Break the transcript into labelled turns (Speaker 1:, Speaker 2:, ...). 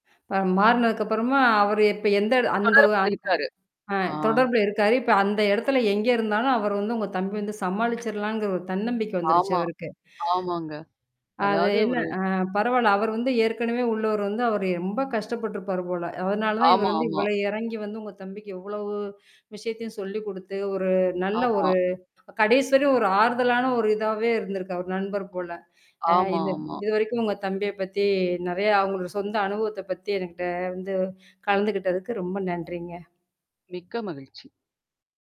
Speaker 1: இப்ப மாறுனதுக்கப்புறமா, அவரு இப்ப எந்த இட அந்த ஒ
Speaker 2: தொடர்புல
Speaker 1: அந்
Speaker 2: இருக்காரு.
Speaker 1: அ
Speaker 2: ஆ.
Speaker 1: தொடர்புல இருக்காரு. இப்ப அந்த இடத்துல எங்க இருந்தாலும் அவரு வந்து, உங்க தம்பி வந்து சமாளிச்சர்லாம்ங்கிற ஒரு தன்னம்பிக்கை வந்துருச்சு
Speaker 2: ஆமா.
Speaker 1: அவருக்கு.
Speaker 2: ஆமாங்க.
Speaker 1: அது
Speaker 2: அதாவது
Speaker 1: என்ன
Speaker 2: ஒரு
Speaker 1: அ பரவால்ல, அவரு வந்து ஏற்கனவே உள்ளவரு வந்து, அவரு ரொம்ப கஷ்டப்பருப்பாரு போல. அதனால தான் இவரு
Speaker 2: ஆமா,
Speaker 1: வந்து
Speaker 2: ஆமா.
Speaker 1: இவ்வளோ இறங்கி வந்து உங்க தம்பிக்கு இவ்வளவு விஷயத்தையும் சொல்லி குடுத்து, ஒரு நல்ல
Speaker 2: ஆமா.
Speaker 1: ஒரு கடைசி வரையும் ஒரு ஆறுதலான ஒரு இதாவே இருந்திருக்கு, அவர் நண்பர் போல. அ
Speaker 2: ஆமா,
Speaker 1: இது
Speaker 2: ஆமா.
Speaker 1: இதுவரைக்கும் உங்க தம்பிய பத்தி நெறைய அவங்களோட சொந்த அனுபவத்த பத்தி எனகிட்ட வந்து கலந்துகிட்டதுக்கு ரொம்ப நன்றிங்க.
Speaker 2: மிக்க மகிழ்ச்சி.